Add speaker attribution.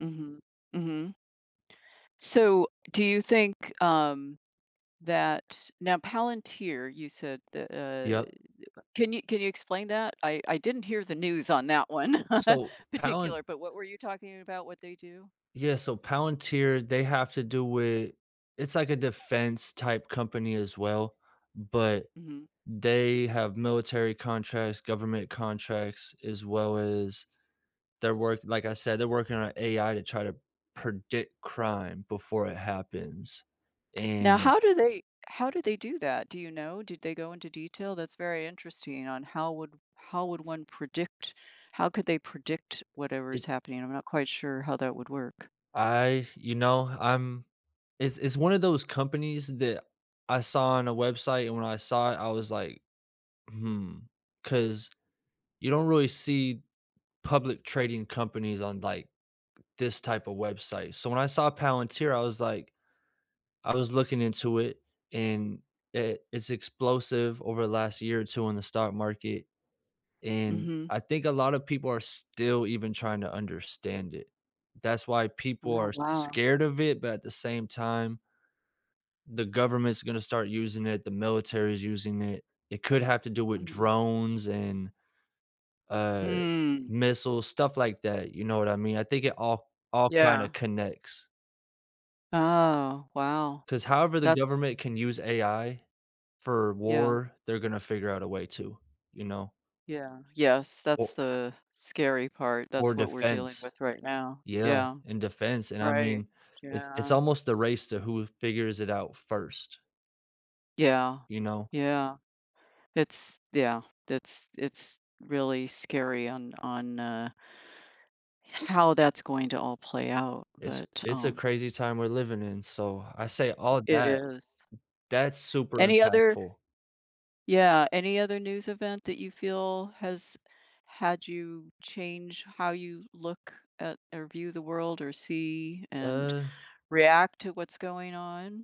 Speaker 1: Mhm. Mhm. So, do you think, um, that now, Palantir, you said that, uh
Speaker 2: Yep.
Speaker 1: can you can you explain that? I I didn't hear the news on that one,
Speaker 2: So, Palant
Speaker 1: particular, but what were you talking about, what they do?
Speaker 2: yeah, so Palantir, they have to do it it's like a defense-type company as well, but,
Speaker 1: Mhm.
Speaker 2: they have military contracts, government contracts, as well as their work like I said, they're working on AI to try to predict crime, before it happens.
Speaker 1: Now,
Speaker 2: And
Speaker 1: how do they how do they do that? Do you know? Did they go into detail? That's very interesting, on how would how would one predict how could they predict whatever
Speaker 2: it
Speaker 1: is happening? I'm not quite sure how that would work.
Speaker 2: I you know, I'm it's it's one of those companies that I saw on a website, and when I saw it, I was like, "Hmm." 'Cause, you don't really see public trading companies on, like, this type of website, so when I saw Palantir, I was like I was looking into it, and, it it's explosive over the last year or two in the stock market. And,
Speaker 1: Mhm.
Speaker 2: I think a lotta people are still even trying to understand it. That's why people
Speaker 1: Oh,
Speaker 2: are
Speaker 1: wow.
Speaker 2: scared of it, but at the same time the government's gonna start using it, the military's using it. It could have to do with
Speaker 1: Mhm.
Speaker 2: drones, and uh,
Speaker 1: Mm.
Speaker 2: missiles, stuff like that, you know what I mean? I think it all all kinda
Speaker 1: Yeah.
Speaker 2: connects.
Speaker 1: Oh, wow.
Speaker 2: 'Cause however the government
Speaker 1: That's
Speaker 2: can use AI, for
Speaker 1: Yeah.
Speaker 2: war, they're gonna figure out a way to. You know?
Speaker 1: Yeah. Yes, that's
Speaker 2: O
Speaker 1: the scary part,
Speaker 2: Or
Speaker 1: that's what we're dealing
Speaker 2: defense.
Speaker 1: with right now.
Speaker 2: Yeah.
Speaker 1: Yeah.
Speaker 2: In defense, and I
Speaker 1: Right.
Speaker 2: mean, it's it's
Speaker 1: Yeah.
Speaker 2: almost the race to who figures it out first.
Speaker 1: Yeah.
Speaker 2: You know?
Speaker 1: Yeah. It's yeah. It's it's really scary, on on, uh h how that's going to all play out,
Speaker 2: It's
Speaker 1: but,
Speaker 2: it's a
Speaker 1: um
Speaker 2: crazy time we're living in, so, I say
Speaker 1: i
Speaker 2: all
Speaker 1: it
Speaker 2: that
Speaker 1: is.
Speaker 2: that's super
Speaker 1: Any other
Speaker 2: impactful.
Speaker 1: yeah, any other news event that you feel has had you change how you look at or, view the world, or see, and
Speaker 2: Uh
Speaker 1: react to what's going on?